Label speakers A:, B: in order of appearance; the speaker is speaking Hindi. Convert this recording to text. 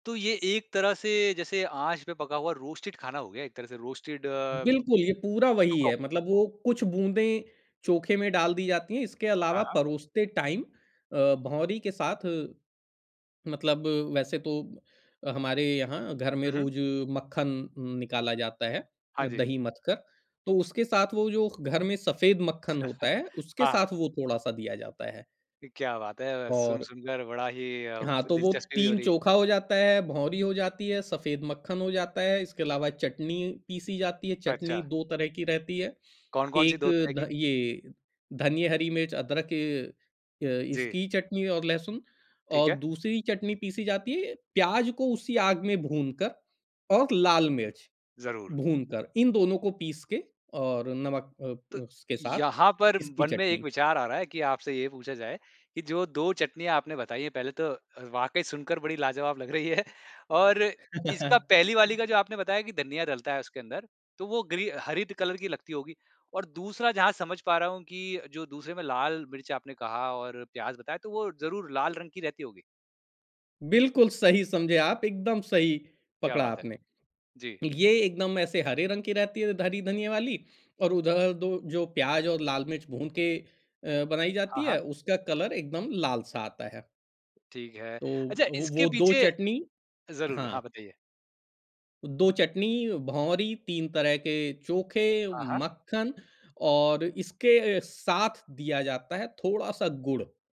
A: तो ये एक तरह से, जैसे आँच पे पका हुआ रोस्टेड खाना हो गया एक तरह से। रोस्टेड, जो
B: बिल्कुल, ये पूरा वही
A: क
B: है, मतलब वो कुछ बूँदें चोखे में डाल दी जाती हैं। इसके अलावा
A: हाँ, हाँ।
B: परोसते टाइम अ, भौंरी के साथ मतलब वैसे तो हमारे यहाँ घर में
A: हुँ, हुँ।
B: रोज़ मक्खन उम, निकाला जाता है,
A: हाँ जी।
B: दही मथ कर, तो उसके साथ वो जो घर में सफेद मक्खन होता है, उसके
A: हाँ।
B: साथ वो थोड़ा-सा दिया जाता है।
A: क्या बात है!
B: और
A: सुन-सुन कर बड़ा ही अब
B: हाँ, तो वो
A: दिलचस्पी भी हो
B: 3
A: रही है।
B: चोखा हो जाता है, भौंरी हो जाती है, सफेद मक्खन हो जाता है, इसके अलावा चटनी पीसी जाती है,
A: अच्छा।
B: चटनी 2 तरह की रहती है।
A: कौन-कौन सी
B: एक
A: 2 तरह की?
B: ध ये धनिये, हरी मिर्च, अदरक अ,
A: जी।
B: इसकी चटनी और लहसुन,
A: ठीक
B: और
A: है।
B: दूसरी चटनी पीसी जाती है प्याज़ को उसी आग में भूनकर और लाल मिर्च
A: ज़रूर।
B: भूनकर। इन दोनों को पीस के और नमक
A: तो
B: अ, उसके साथ
A: यहाँ पर
B: इसकी
A: मन में एक
B: चटनी।
A: विचार आ रहा है कि आपसे ये पूछा जाए कि जो 2 चटनियाँ आपने बताई हैं, पहले तो अ, वाक़ई सुनकर बड़ी लाजवाब लग रही हैं और इसका पहली वाली का जो आपने बताया कि धनिया डलता है उसके अंदर, तो वो ग्री हरी ड कलर की लगती होगी। और दूसरा, जहाँ समझ पा रहा हूँ कि जो दूसरे में लाल मिर्च आपने कहा और प्याज़ बताया, तो वो ज़रूर लाल रंग की रहती होगी?
B: बिल्कुल सही समझे आप, एकदम सही
A: क्या
B: पकड़ा
A: बात है!
B: आपने।
A: जी।
B: ये एकदम ऐसे हरे रंग की रहती है, हरी धनिये वाली, और उधर 2 जो प्याज़ और लाल मिर्च भून के अ, बनाई जाती
A: हाँ, हाँ।
B: है, उसका कलर एकदम लाल-सा आता है।
A: ठीक है। अच्छा,
B: तो अ, वो
A: इसके
B: 2
A: पीछे
B: चटनी
A: ज़रूर, हाँ,
B: हाँ।
A: बताइए।
B: 2 चटनी, भौंरी, 3 तरह के चोखे,
A: हाँ, हाँ।
B: मक्खन और इसके साथ दिया जाता है थोड़ा-सा गुड़।